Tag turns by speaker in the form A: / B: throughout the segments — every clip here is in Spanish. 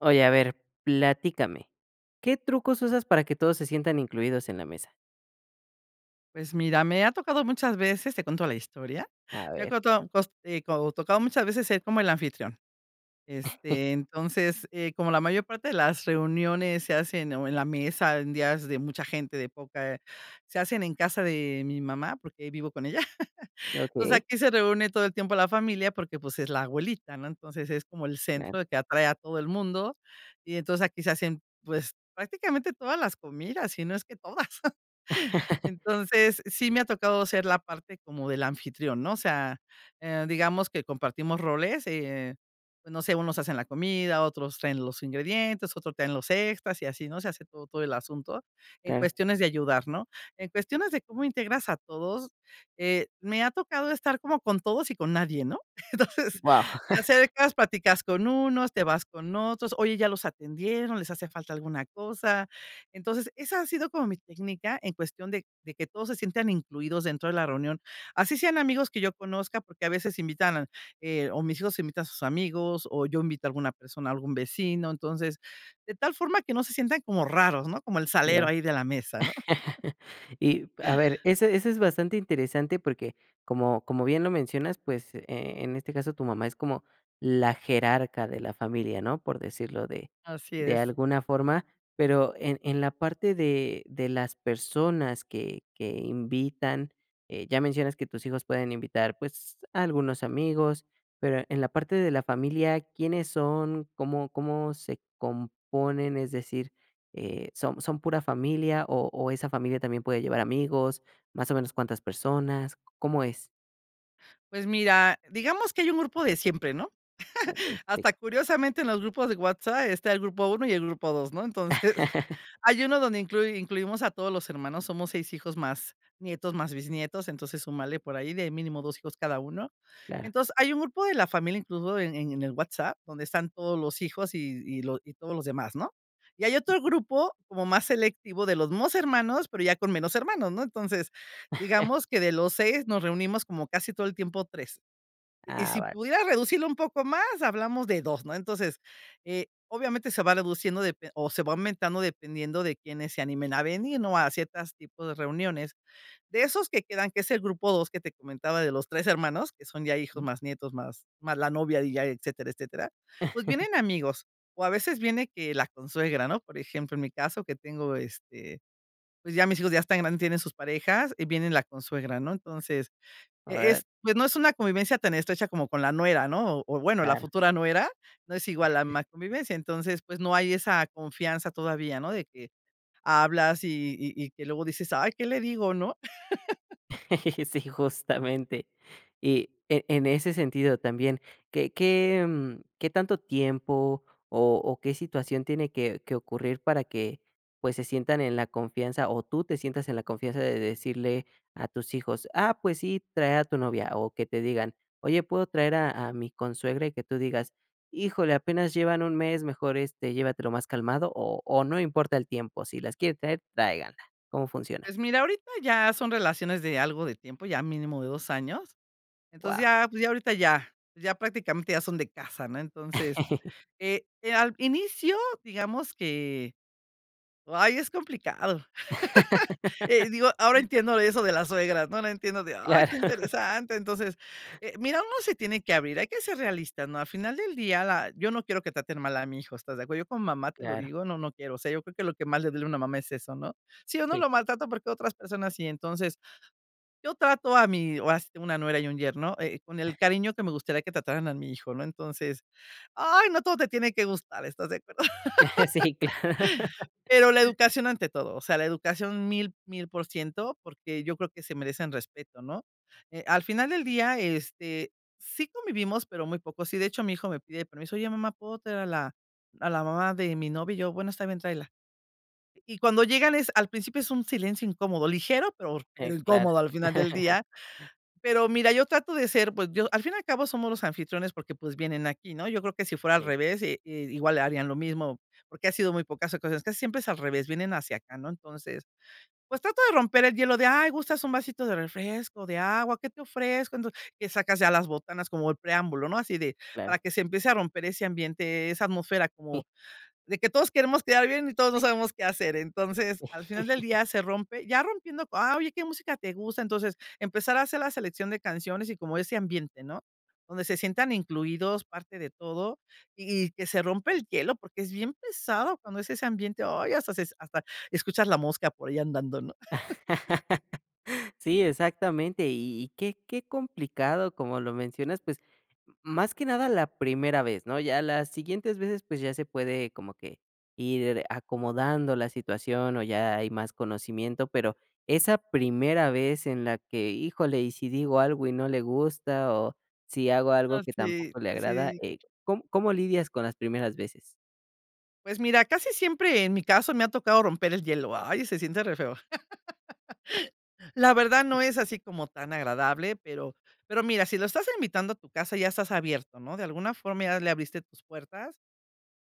A: Oye, a ver, platícame, ¿qué trucos usas para que todos se sientan incluidos en la mesa?
B: Pues mira, me ha tocado muchas veces, te cuento la historia,
A: A
B: me ha
A: ver.
B: cota tos eh, co tocado muchas veces ser como el anfitrión. Este, entonces, eh como la mayor parte de las reuniones se hacen o en la mesa en días de mucha gente de poca, se hacen en casa de mi mamá, porque vivo con ella. Entonces,
A: Okey.
B: aquí se reúne todo el tiempo la familia, porque, pues, es la abuelita, ¿no? Entonces es como el
A: Claro.
B: centro que atrae a todo el mundo. Y entonces aquí se hacen, pues prácticamente todas las comidas sí no es que todas. Entonces, sí me ha tocado ser la parte como del anfitrión, ¿no? O sea, eh, digamos que compartimos roles, eh, no sé, unos hacen la comida, otros traen los ingredientes, otros traen los extras y así ¿no? Se hace todo todo el asunto en
A: Claro.
B: cuestiones de ayudar, ¿no? En cuestiones de cómo integras a todos, eh, me ha tocado estar como con todos y con nadie, ¿no? Entonces
A: Guau.
B: te acercas platicas con unos, te vas con otros: "Oye, ¿ya los atendieron? ¿Les hace falta alguna cosa?". Entonces esa ha sido como mi técnica en cuestión de de que todos se sientan incluidos dentro de la reunión. Así sean amigos que yo conozca, porque a veces invitan, eh, o mis hijos invitan a sus amigos, o yo invito a alguna persona, a algún vecino. Entonces, de tal forma que no se sientan como raros, ¿no? Como el salero
A: Ya.
B: ahí de la mesa ¿no?
A: Y a ver ese ese es bastante interesante porque como como bien lo mencionas pues, eh, en este caso tu mamá es como la jerarca de la familia, ¿no? Por decirlo de
B: Así
A: de
B: es.
A: alguna forma, pero en en la parte de de las personas que que invitan, eh, ya mencionas que tus hijos pueden invitar, pues, a algunos amigos, pero en la parte de la familia, ¿quiénes son? ¿Cómo cómo se componen? Es decir, eh, ¿son son pura familia o o esa familia también puede llevar amigos? ¿Más o menos cuántas personas? ¿C cómo es?
B: Pues mira, digamos que hay un grupo de siempre, ¿no?
A: Okey, sí.
B: Hasta curiosamente en los grupos de WhatsApp está el grupo 1 y el grupo 2, ¿no? Entonces hay uno donde inclui incluimos a todos los hermanos. Somos 6 hijos más nietos, más bisnietos, entonces súmale por ahí de mínimo 2 hijos cada uno.
A: Claro.
B: Entonces hay un grupo de la familia, incluso, en en el WhatsApp, donde están todos los hijos, y y los todos los demás, ¿no? Y hay otro grupo como más selectivo de los mismos hermanos, pero ya con menos hermanos, ¿no? Entonces digamos que de los 6 nos reunimos como casi todo el tiempo 3. Y
A: Ah,
B: si
A: vale.
B: pudieras reducirlo un poco más, hablamos de 2, ¿no? Entonces, eh, obviamente se va reduciendo depe o se va aumentando dependiendo de quiénes se animen a venir, ¿no?, a ciertas tipos de reuniones. De esos que quedan, que es el grupo 2 que te comentaba de los 3 hermanos que son ya hijos,
A: Mm.
B: más nietos, más más la novia, y ya etcétera, etcétera. Pues vienen amigos, o a veces viene que la consuegra, ¿no? Por ejemplo, en mi caso que tengo este, pues, ya mis hijos ya están grandes, tienen sus parejas y viene la consuegra, ¿no? Entonces, e
A: Órale.
B: es, pues, no es una convivencia tan estrecha como con la nuera, ¿no? o o bueno, la
A: Claro.
B: futura nuera no es igual la más convivencia. Entonces, pues, no hay esa confianza todavía, ¿no? De que hablas, y y y que luego dices, "Ay, ¿qué le digo?", ¿no?
A: Sí, justamente. Y en en ese sentido también ¿qué qué, mm, qué tanto tiempo, o o qué situación tiene que que ocurrir para que, pues, se sientan en la confianza, o tú te sientas en la confianza de decirle a tus hijos: "Ah pues sí, trae a tu novia"?, o que te digan: "¿Oye puedo traer a a mi consuegra?", y que tú digas: "Híjole, apenas llevan 1 mes mejor, este, llévatelo más calmado."? ¿O o no importa el tiempo, si las quiere traer tráiganla? ¿Cómo funciona?
B: Pues mira, ahorita ya son relaciones de algo de tiempo, ya mínimo de 2 años. Entonces
A: Guau.
B: ya, pues ya ahorita ya, ya prácticamente ya son de casa, ¿no? Entonces, eh, al inicio, digamos que ay, es complicado. Eh, digo, ahora entiendo de eso de las suegras, ¿no? Ahora entiendo de: "Ay, qué
A: Claro.
B: interesante". Entonces, eh, mira, uno se tiene que abrir, hay que ser realistas, ¿no?, al final del día la yo no quiero que traten mal a mi hijo, ¿estás de acuerdo? Yo como mamá te lo
A: Claro.
B: digo, no, no quiero, o sea, yo creo que lo que más le duele a una mamá es eso, ¿no? Sí uno
A: Sí.
B: lo maltrata porque otras personas sí. Entonces, yo trato a mí o has una nuera y un yerno, eh, con el cariño que me gustaría que trataran a mi hijo, ¿no? Entonces, ¡ay, no, todo te tiene que gustar!, ¿estás de acuerdo?
A: Eh, sí, claro.
B: Pero la educación ante todo, o sea, la educación 1000, 1000%, porque yo creo que se merecen respeto, ¿no? Eh, al final del día, este, sí convivimos, pero muy poco. Sí, de hecho, mi hijo me pide permiso: "Oye, mamá, ¿puedo traer a la a la mamá de mi novia?", y yo: "Bueno, está bien, tráela". Y cuando llegan es al principio es un silencio incómodo, ligero, pero,
A: Eh,
B: pero
A: claro.
B: incómodo al final del día. Pero mira, yo trato de ser pues yo al fin y al cabo somos los anfitriones, porque, pues vienen aquí, ¿no? Yo creo que si fuera al
A: Sí.
B: revés, i i igual le harían lo mismo, porque ha sido muy pocas ocasiones que siempre es al revés, vienen hacia acá, ¿no? Entonces, pues, trato de romper el hielo de: "Ay, gustas un vasito de refresco, de agua, ¿qué te ofrezco?". Entonces, que sacas ya las botanas como el preámbulo, ¿no?, así de
A: Claro.
B: para que se empiece a romper ese ambiente, esa atmósfera
A: Sí.
B: como de que todos queremos quedar bien, y todos no sabemos qué hacer. Entonces al final del día se rompe ya rompiendo: "Ah oye ¿qué música te gusta?". Entonces empezar a hacer la selección de canciones, y como ese ambiente ¿no?, donde se sientan incluidos parte de todo, Y y que se rompa el hielo, porque es bien pesado cuando es ese ambiente, ay, hasta se hasta escuchas la mosca por ahí andando, ¿no?
A: Sí, exactamente, y y qué qué complicado, como lo mencionas, pues, más que nada la primera vez, ¿no? Ya las siguientes veces, pues, ya se puede como que ir acomodando la situación, o ya hay más conocimiento, pero esa primera vez en la que: "Híjole, ¿y si digo algo y no le gusta?, o si hago algo
B: Ah,
A: que
B: sí,
A: tampoco le agrada".
B: sí.
A: Eh, ¿cóm cómo lidias con las primeras veces?
B: Pues mira, casi siempre en mi caso me ha tocado romper el hielo. Ay, se siente re feo. La verdad no es así como tan agradable, pero pero mira, si lo estás invitando a tu casa, ya estás abierto, ¿no? De alguna forma ya le abriste tus puertas,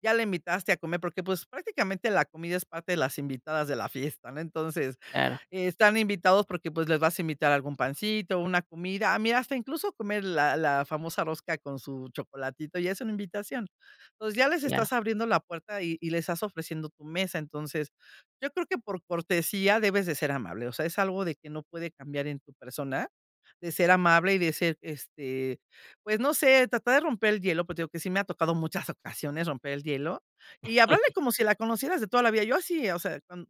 B: ya la invitaste a comer, porque, pues, prácticamente la comida es parte de las invitadas de la fiesta, ¿no? Entonces,
A: Claro.
B: están invitados porque, pues, les vas a invitar algún pancito, una comida. A mí, hasta incluso comer la la famosa rosca con su chocolatito, ya es una invitación. Entonces ya les
A: Claro.
B: estás abriendo la puerta y y les estás ofreciendo tu mesa. Entonces, yo creo que por cortesía debes de ser amable, o sea, es algo de que no puede cambiar en tu persona, de ser amable y de ser, este, pues, no sé, tratar de romper el hielo, pero te digo que sí me ha tocado muchas ocasiones romper el hielo y háblarle como si la conocieras de toda la vida. Yo así, o sea, cuan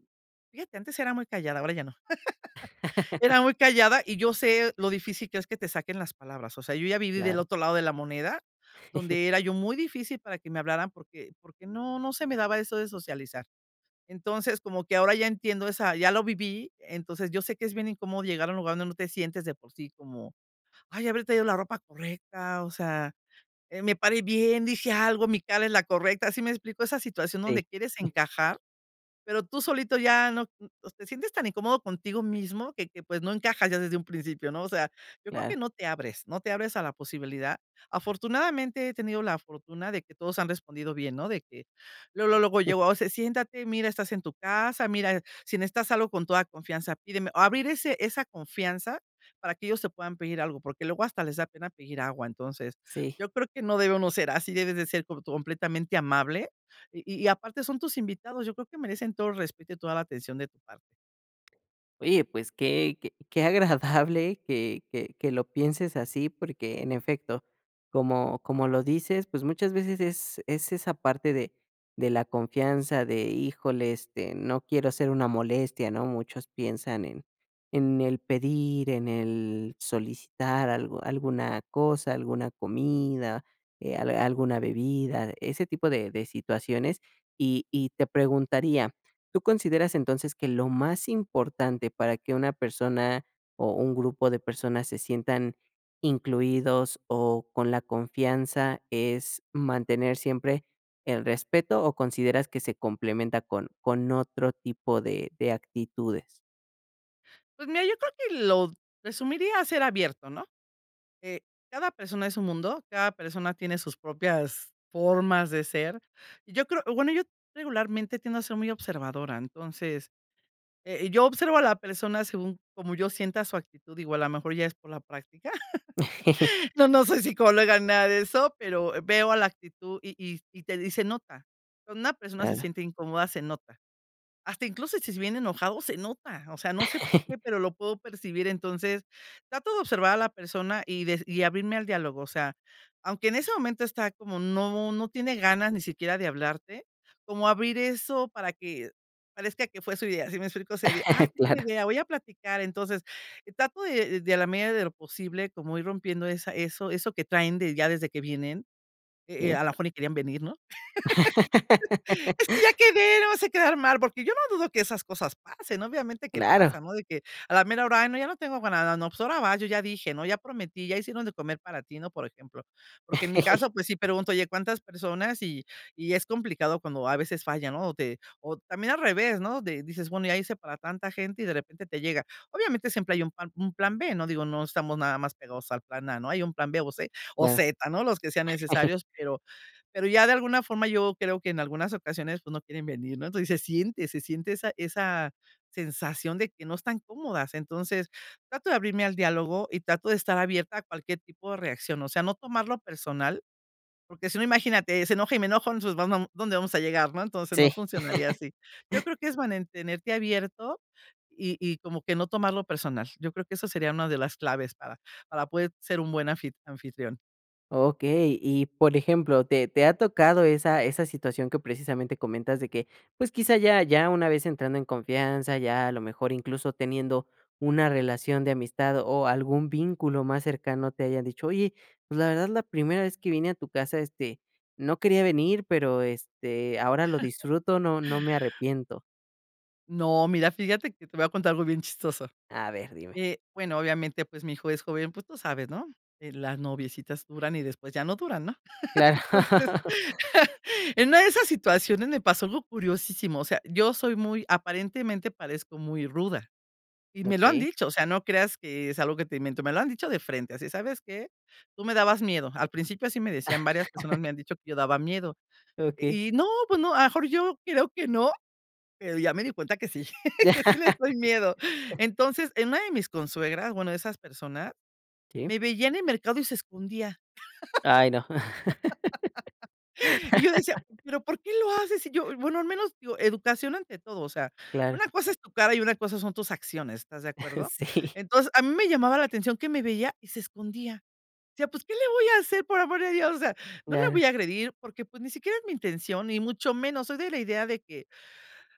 B: fíjate, antes era muy callada, ahora ya no. Era muy callada y yo sé lo difícil que es que te saquen las palabras, o sea, yo ya viví del
A: Claro.
B: otro lado de la moneda, donde era yo muy difícil para que me hablaran porque porque no, no se me daba eso de socializar. Entonces, como que ahora ya entiendo esa ya lo viví. Entonces, yo sé que es bien incómodo llegar a un lugar donde no te sientes de por sí como: "Ay, ¿habré traído la ropa correcta?", o sea, eh, "¿me pare bien?, ¿dije algo?, ¿mi cara es la correcta?". ¿Sí me explico? Esa situación
A: Si.
B: donde quieres encajar, pero tú solito ya no, mm, pues, te sientes tan incómodo contigo mismo que que pues no encajas ya desde un principio, ¿no? O sea, yo creo
A: Claro.
B: que no te abres, no te abres a la posibilidad. Afortunadamente he tenido la fortuna de que todos han respondido bien, ¿no? De que luego, luego yo, o sea: "Siéntate. Mira, estás en tu casa, mira, si necesitas algo con toda confianza, pídeme". Abrir ese esa confianza para que ellos te puedan pedir algo, porque luego hasta les da pena pedir agua. Entonces,
A: Si.
B: yo creo que no debe uno ser así, debes de ser corto completamente amable. Y y aparte son tus invitados, yo creo que merecen todo respeto y toda la atención de tu par
A: Oye pues que que qué agradable que que que lo pienses así porque en efecto como como lo dices pues muchas veces es es esa parte de de la confianza de híjole este no quiero ser una molestia, ¿no? Muchos piensan en en el pedir, en el solicitar algo alguna cosa, alguna comida, eh, al alguna bebida, ese tipo de de situaciones. Y y te preguntaría, ¿tú consideras entonces que lo más importante para que una persona o un grupo de personas se sientan incluidos o con la confianza, es mantener siempre el respeto o consideras que se complementa con con otro tipo de de actitudes?
B: Pues mira, yo creo que lo d resumiría ser abierto, ¿no? Eh, cada persona es un mundo, cada persona tiene sus propias formas de ser. Y yo creo O bueno, yo regularmente tiendo a ser muy observadora. Entonces, eh, yo observo a la persona según como yo sienta su actitud, digo, a la mejor ya es por la práctica. No, no soy psicóloga ni nada de eso, pero veo, ah, la actitud, y y y te dis y se nota. Cuando una persona se
A: Claro.
B: siente incómoda, se nota. Hasta incluso si es bien enojado, se nota, o sea, no sé por qué, pero lo puedo percibir. Entonces, trato de observar a la persona y de s y abrirme al diálogo, o sea, aunque en ese momento está como, no no tiene ganas ni siquiera de hablarte, como abrir eso para que parezca que fue su idea, ¿sí me explico? Así de: "Ah, tengo un
A: Carlo.
B: idea, voy a platicar". Entonces, trato de de a la medida de lo posible, como ir rompiendo esa eso eso que traen de, ya desde que vienen, e eh,
A: Sí.
B: a la mejor ni querían venir, ¿no? "Es que ya quedé, no vayas a quedar mal", porque yo no dudo que esas cosas pasen, obviamente que
A: Claro.
B: pasan, ¿no? De que a la mera hora: "¡Ay, no!, ya no tengo ga nada. No, pues ahora va, yo ya dije", ¿no? Ya prometí, ya hicieron de comer para ti", ¿no?, por ejemplo. Porque en mi caso, pues sí pregunto: "Oye, ¿cuántas personas?", y y es complicado cuando a veces falla, ¿no?, o te o también al revés, ¿no?, de dices: "Bueno, ya hice para tanta gente", y de repente te llega. Obviamente, siempre hay un pan un plan B. No, digo, no estamos nada más pegados al plan A, ¿no?, hay un plan B, o C, o
A: Claro.
B: Z, ¿no? Los que sean necesarios, pero pero ya de alguna forma yo creo que en algunas ocasiones, pues no quieren venir, ¿no?, pues se siente se siente esa esa sensación de que no están cómodas. Entonces, trato de abrirme al diálogo y trato de estar abierta a cualquier tipo de reacción, o sea, no tomarlo personal, porque si no, imagínate, se enoja, y me enojo, entonces, vam vam ¿Dónde vamos a llegar?, ¿no? Entonces,
A: Sí.
B: no funcionaría así. Yo creo que es mantenerte abierto y y como que no tomarlo personal. Yo creo que eso sería una de las claves para para poder ser un buen anfit anfitrión.
A: Okey y por ejemplo ¿te te ha tocado esa esa situación que precisamente comentas de que pues quizá ya ya una vez entrando en confianza ya a lo mejor incluso teniendo una relación de amistad o algún vínculo más cercano te hayan dicho: "Oye pues la verdad la primera vez que vine a tu casa, este, no quería venir, pero, este, ahora lo disfruto no no me arrepiento"?
B: No, mira, fíjate que te voy a contar algo bien chistoso,
A: A ver, dime.
B: eh, bueno, obviamente, pues, mi hijo es joven, pues, tú sabes, ¿no? De las noviecitas duran y después ya no duran, ¿no?
A: Claro.
B: Entonces, en una de esas situaciones me pasó algo curiosísimo, o sea, yo soy muy aparentemente parezco muy ruda y me lo han
A: Okey.
B: dicho. O sea, no creas que es algo que te invento. Me lo han dicho de frente así: "¿Sabes qué? Tú me dabas miedo al principio", así me decían, varias personas me han dicho que yo daba miedo
A: Okey.
B: y no, pues no, a lo mejor yo creo que no, pero ya me di cuenta que sí,
A: Ya.
B: que sí les doy miedo. Entonces, en una de mis consuegras, bueno, esas persona
A: Sí.
B: me veía en el mercado y se escondía.
A: Ay no.
B: Y yo decía: "¿Pero por qué lo haces? Si yo", bueno al menos yo educación ante todo. O sea,
A: Claro.
B: una cosa es tu cara y una cosa son tus acciones. ¿Estás de acuerdo?
A: Sí.
B: Entonces a mí me llamaba la atención que me veía y se escondía. Decía: "Pues, ¿qué le voy a hacer?, por amor a Dios". O sea, no le voy
A: Claro
B: a agredir porque, pues, ni siquiera es mi intención ni mucho menos. Soy de la idea de que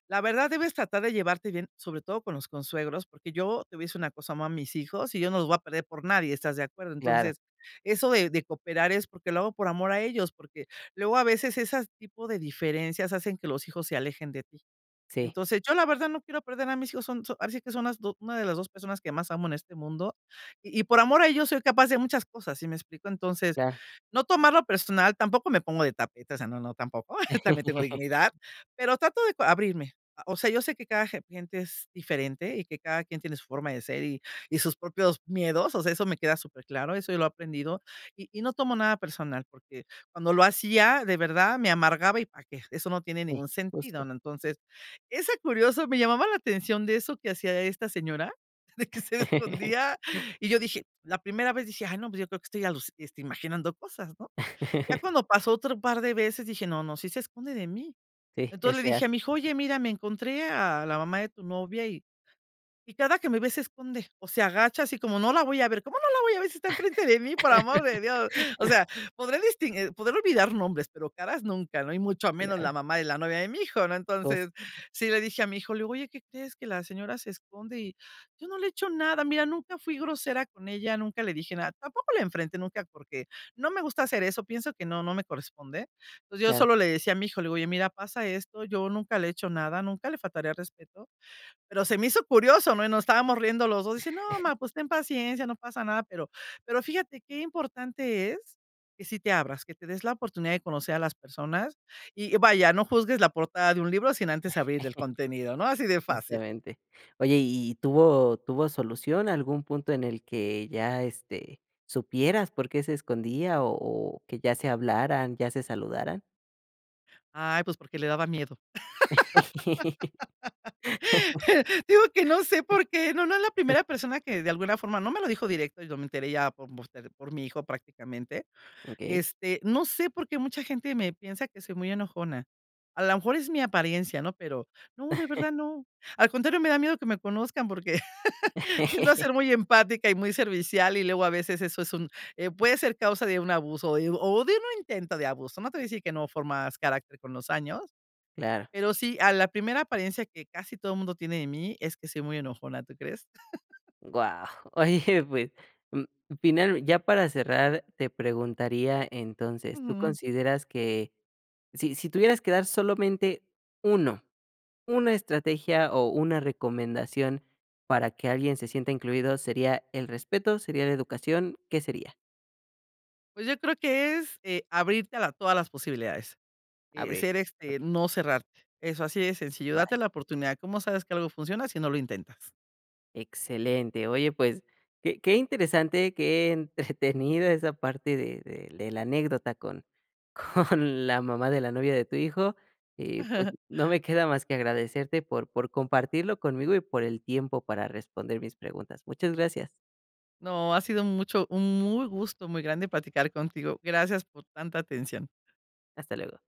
B: la verdad debes tratar de llevarte bien, sobre todo con los consuegros porque yo te voy a decir una cosa amo a mis hijos y yo no los voy a perder por nadie. ¿Estás de acuerdo?
A: Claro.
B: Entonces eso, eh, de cooperar es porque lo hago por amor a ellos porque luego a veces esas tipo de diferencias hacen que los hijos se alejen de ti.
A: Sí.
B: Entonces yo la verdad no quiero perder a mis hijos son so ahora sí que son las do una de las dos personas que más amo en este mundo y y por amor a ellos soy capaz de muchas cosas. ¿Sí me explico? Entonces,
A: Claro.
B: no tomarlo personal. Tampoco me pongo de tapete. O sea, no, no tampoco. También tengo dignidad pero trato de cua abrirme, eh, o sea, yo sé que cada ge gente es diferente y que cada quien tiene su forma de ser y y sus propios miedos. O sea, eso me queda superclaro eso yo lo he aprendido y y no tomo nada personal porque cuando lo hacía de verdad me amargaba ¿y para qué? Eso no tiene
A: Sí,
B: ningún sentido,
A: justo.
B: ¿no? Entonces, es tan curioso me llamaba la atención de eso que hacía esta señora de que se escondía y yo dije, la primera vez dije:"Ay no, pues, yo creo que estoy aluci este imaginando cosas ¿no?" Ya cuando pasó otro par de veces dije: "No, no sí se esconde de mí".
A: Sí,
B: Entonces
A: es
B: le dije
A: real.
B: a mi hijo: "Oye mira me encontré a la mamá de tu novia y y cada que me ve se esconde o se agacha así como no la voy a ver". ¿Cómo no la voy a ver si está enfrente de mí?, por amor de Dios. O sea, podré distin eh, podré olvidar nombres pero caras nunca y mucho menos la
A: Ya.
B: mamá de la novia de mi hijo ¿no?
A: Jus
B: Entonces sí le dije a mi hijo, le digo: "Oye ¿qué crees? Que la señora se esconde y yo no le he hecho nada. Mira nunca fui grosera con ella nunca le dije nada", tampoco la enfrenté nunca porque no me gusta hacer eso pienso que no no me corresponde. Pues, yo
A: Claro.
B: solo le decía a mi hijo: "Oye mira pasa esto yo nunca le he hecho nada nunca le faltaría el respeto". Pero se me hizo curioso ¿no? Y nos estábamos riendo los dos y dice: "No ma, pues, ten paciencia no pasa nada". Pero pero fíjate qué importante es que sí te abras que te des la oportunidad de conocer a las personas y vaya no juzgues la portada de un libro sin antes abrir el contenido ¿no? Así de fácil.
A: Justamente. Oye ¿y y tuvo tuvo solución? ¿Algún punto en el que ya, este, supieras por qué se escondía o o que ya se hablaran, ya se saludaran?
B: Ay, pues, porque le daba miedo, digo que no sé por qué, no no es la primera persona que de alguna forma no me lo dijo directo, yo me enteré ya por, [unintelligible] por mi hijo prácticamente,
A: Okey.
B: este, no sé por qué mucha gente me piensa que soy muy enojona. A la mejor es mi apariencia, ¿no? Pero no, de verdad no, al contrario, me da miedo que me conozcan, porque tiendo a ser muy empática y muy servicial, y luego a veces eso, es un eh, puede ser causa de un abuso, y o de un intento de abuso. No te voy a decir que no formas carácter con los años,
A: Claro.
B: pero sí, a la primera apariencia que casi todo mundo tiene de mí es que soy muy enojona, ¿tú crees?
A: Guau, oye pues, mm, final ya para cerrar te preguntaría, entonces, ¿tú
B: Ujú.
A: consideras que, si si tuvieras que dar solamente uno, una estrategia, o una recomendación para que alguien se sienta incluido sería el respeto, sería la educación?, ¿qué sería?
B: Pues, yo creo que es, eh, abrirte a la todas las posibilidades, eh, ser
A: Abrirte,
B: este,
A: okey.
B: no cerrarte, eso, así de sencillo, date
A: Vale.
B: la oportunidad, ¿cómo sabes que algo funciona si no lo intentas?
A: Excelente, oye pues que qué interesante, qué entretenida esa parte de de de la anécdota con con la mamá de la novia de tu hijo. Y pues, no me queda más que agradecerte por por compartirlo conmigo, y por el tiempo para responder mis preguntas, muchas gracias.
B: No, ha sido mucho un muy gusto muy grande platicar contigo, gracias por tanta atención.
A: Hasta luego.